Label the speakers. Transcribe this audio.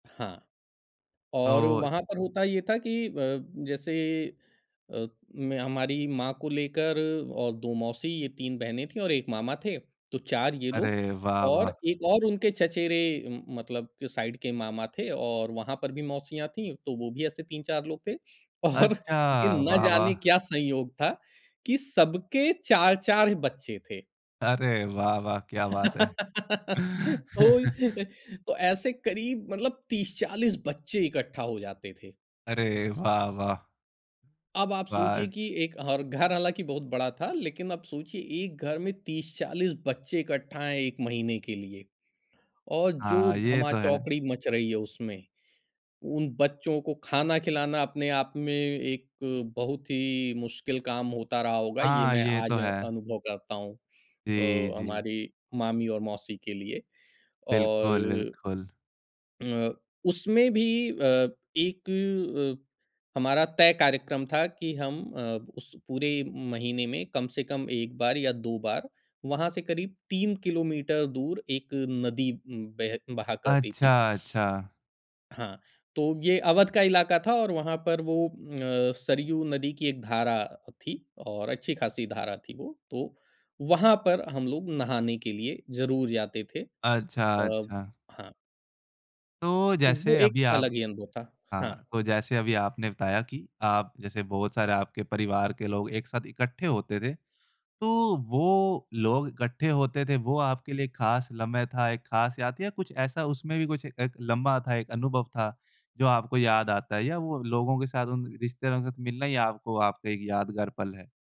Speaker 1: हाँ और
Speaker 2: तो
Speaker 1: वहाँ पर होता ये था कि अ, जैसे अ, मैं हमारी माँ को लेकर और 2 मौसी ये 3 बहनें थी और 1 मामा थे। तो 4 ये लोग
Speaker 2: अरे, वाह
Speaker 1: और
Speaker 2: वाह।
Speaker 1: 1 और उनके चचेरे म मतलब जो साइड के मामा थे और वहाँ पर भी मौसियाँ थी, तो वो भी ऐसे 3-4 लोग थे और ये
Speaker 2: अच्छा,
Speaker 1: ना
Speaker 2: वाह, वाह।
Speaker 1: जाने क्या संयोग था कि सब 4-4 बच्चे थे।
Speaker 2: अरे, वाह, वाह क्या बात है।
Speaker 1: तो तो ऐसे करीब मतलब 30-40 बच्चे इकट्ठा हो जाते थे।
Speaker 2: अरे, वाह, वाह।
Speaker 1: अब आप सोचिए
Speaker 2: बस।
Speaker 1: कि एक और घर हालाँकि बहुत बड़ा था, लेकिन अब सोचिए एक घर में 30-40 बच्चे इकट्ठा हैं 1 महीने के लिए और जो
Speaker 2: हाँ, ये
Speaker 1: धमा
Speaker 2: तो है।
Speaker 1: चौकड़ी मच रही है उसमें, उन बच्चों को खाना खिलाना अपने आप में एक बहुत ही मुश्किल काम होता रहा होगा, ये
Speaker 2: हाँ,
Speaker 1: मैं
Speaker 2: ये तो
Speaker 1: आज
Speaker 2: है।
Speaker 1: अनुभव करता हूँ
Speaker 2: जी,
Speaker 1: अ,
Speaker 2: जी।
Speaker 1: हमारी मामी और मौसी के लिए
Speaker 2: बिल्कुल,
Speaker 1: और
Speaker 2: बिल्कुल।
Speaker 1: अ, उसमें भी अ, एक हमारा तय कार्यक्रम था कि हम अ, उस पूरे महीने में कम से कम 1 बार या 2 बार वहाँ से करीब 3 किलोमीटर दूर एक नदी बेह बहा करती
Speaker 2: अच्छा,
Speaker 1: थी।
Speaker 2: अच्छा।
Speaker 1: हाँ, तो ये अवध का इलाका था और वहाँ पर वो अ, सरयू नदी की एक धारा थी और अच्छी खासी धारा थी वो, तो वहाँ पर हम लोग नहाने के लिए ज़रूर जाते थे।
Speaker 2: अच्छा,
Speaker 1: अ,
Speaker 2: अच्छा।
Speaker 1: हाँ।
Speaker 2: तो
Speaker 1: तो वो
Speaker 2: जैसे
Speaker 1: एक
Speaker 2: अभी आप
Speaker 1: अलग ही अनुभव था।
Speaker 2: हाँ,
Speaker 1: हाँ।
Speaker 2: तो जैसे अभी आपने बताया कि आप जैसे बहुत सारे आपके परिवार के लोग एक साथ इकट्ठे होते थे, तो वो लोग इकट्ठे होते थे, वो आपके लिए खास लम्ह था, एक खास याद थी या कुछ ऐसा उसमें भी कुछ एक लम्हा था एक अनुभव था, जो आपको याद आता है या वो लोगों के साथ उन रिश्तेदारों के साथ मिलना या आपको आपका एक यादगार पल है?